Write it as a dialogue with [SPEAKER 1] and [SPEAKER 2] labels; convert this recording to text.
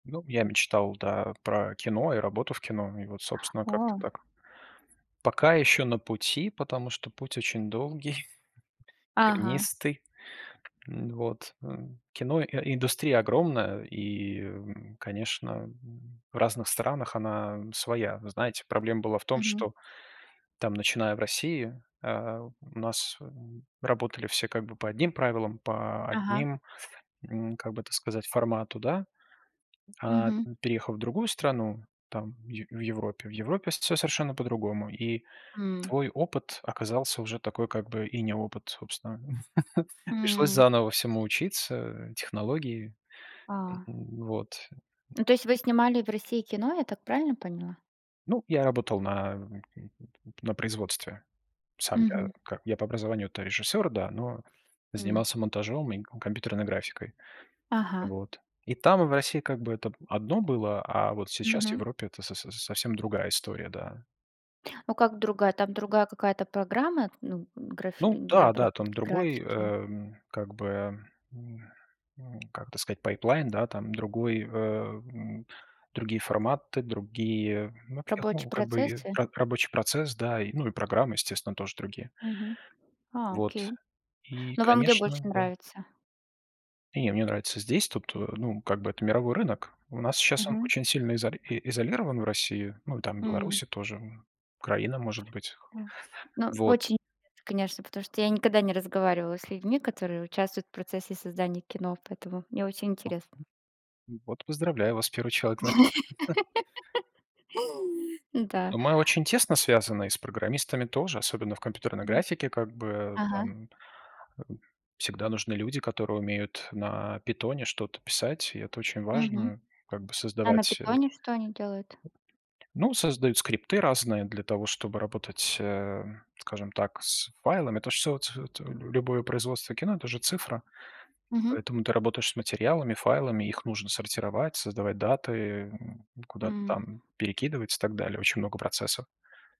[SPEAKER 1] Ну, я мечтал, да, про кино и работу в кино. И вот, собственно, как-то
[SPEAKER 2] О.
[SPEAKER 1] так. Пока ещё на пути, потому что путь очень долгий,
[SPEAKER 2] Ага.
[SPEAKER 1] тернистый. М, вот, э, кино и индустрия огромная, и, конечно, м, в разных странах она своя. Но, знаете, проблема была в том,
[SPEAKER 2] Мгм.
[SPEAKER 1] что там, начиная в России, а, у нас, м, работали все как бы по одним правилам, по
[SPEAKER 2] Ага.
[SPEAKER 1] одним, м, как бы так сказать, формату, да. А,
[SPEAKER 2] Мгм.
[SPEAKER 1] м, переехав в другую страну там в в Европе, в Европе всё совершенно по-другому. И
[SPEAKER 2] М.
[SPEAKER 1] твой опыт оказался уже такой, как бы, и не опыт, собственно. Пришлось
[SPEAKER 2] М.
[SPEAKER 1] заново всему учиться, технологии, э,
[SPEAKER 2] А.
[SPEAKER 1] м, вот.
[SPEAKER 2] Ну, то есть вы снимали в России кино, я так правильно поняла?
[SPEAKER 1] Ну, я работал на, м, м, м, м, на производстве. Сам я
[SPEAKER 2] Мгм.
[SPEAKER 1] как я по образованию-то режиссёр, да, но
[SPEAKER 2] М.
[SPEAKER 1] занимался монтажом и кон компьютерной графикой.
[SPEAKER 2] Ага.
[SPEAKER 1] Вот. И там, в России, как бы это б одно было. А вот сейчас в
[SPEAKER 2] Мгм.
[SPEAKER 1] Европе это со со совсем другая история, да.
[SPEAKER 2] Ну как, другая? Там другая какая-то программа, ну, н графи
[SPEAKER 1] Ну
[SPEAKER 2] для
[SPEAKER 1] да-да, там
[SPEAKER 2] обработки
[SPEAKER 1] другой, э,
[SPEAKER 2] графики?
[SPEAKER 1] м, как бы, м м, как бы сказать, пайплайн, да, там другой, э, м, другие форматы. Другие, ну, всех,
[SPEAKER 2] Рабочие
[SPEAKER 1] ну, как бы, и
[SPEAKER 2] процессы?
[SPEAKER 1] как рабочий процесс, да, и, ну, и программы, естественно, тоже другие.
[SPEAKER 2] Мгм. А,
[SPEAKER 1] Вот,
[SPEAKER 2] окей.
[SPEAKER 1] и,
[SPEAKER 2] Но вам где больше
[SPEAKER 1] конечно, да
[SPEAKER 2] нравится?
[SPEAKER 1] Не, мне нравится здесь. Тут, ну, как бы это мировой рынок. У нас щас он
[SPEAKER 2] Мгм.
[SPEAKER 1] очень сильно изоли изолирован в России. Ну, там
[SPEAKER 2] М.
[SPEAKER 1] Белоруссия тоже во. Украина, может быть.
[SPEAKER 2] Да. Ну,
[SPEAKER 1] Вот.
[SPEAKER 2] очень, конечно, потому что я никогда не разговаривала с людьми, которые участвуют в процессе создания кино, поэтому мне очень
[SPEAKER 1] А.
[SPEAKER 2] интересно.
[SPEAKER 1] М. Вот поздравляю вас, 1 человек, значит.
[SPEAKER 2] Да.
[SPEAKER 1] Мы очень тесно связаны и с программистами тоже, особенно в компьютерной
[SPEAKER 2] Мгм.
[SPEAKER 1] графике. Как бы, э,
[SPEAKER 2] Ага.
[SPEAKER 1] там, э, всегда нужны люди, которые умеют на "Питоне" что-то писать, и это очень
[SPEAKER 2] Мгм.
[SPEAKER 1] важно, как бы
[SPEAKER 2] А на
[SPEAKER 1] создавать, э
[SPEAKER 2] "Питоне" что они делают?
[SPEAKER 1] Ну, создают скрипты разные для того, чтобы работать, э, скажем так, с файлами. Это ж всё ц ц любое производство кино- это же цифра.
[SPEAKER 2] Мгм.
[SPEAKER 1] Поэтому ты работаешь с материалами, файлами. Их нужно сортировать, создавать даты, э, м, куда-то
[SPEAKER 2] М.
[SPEAKER 1] там перекидывать и так далее. Очень много процессов.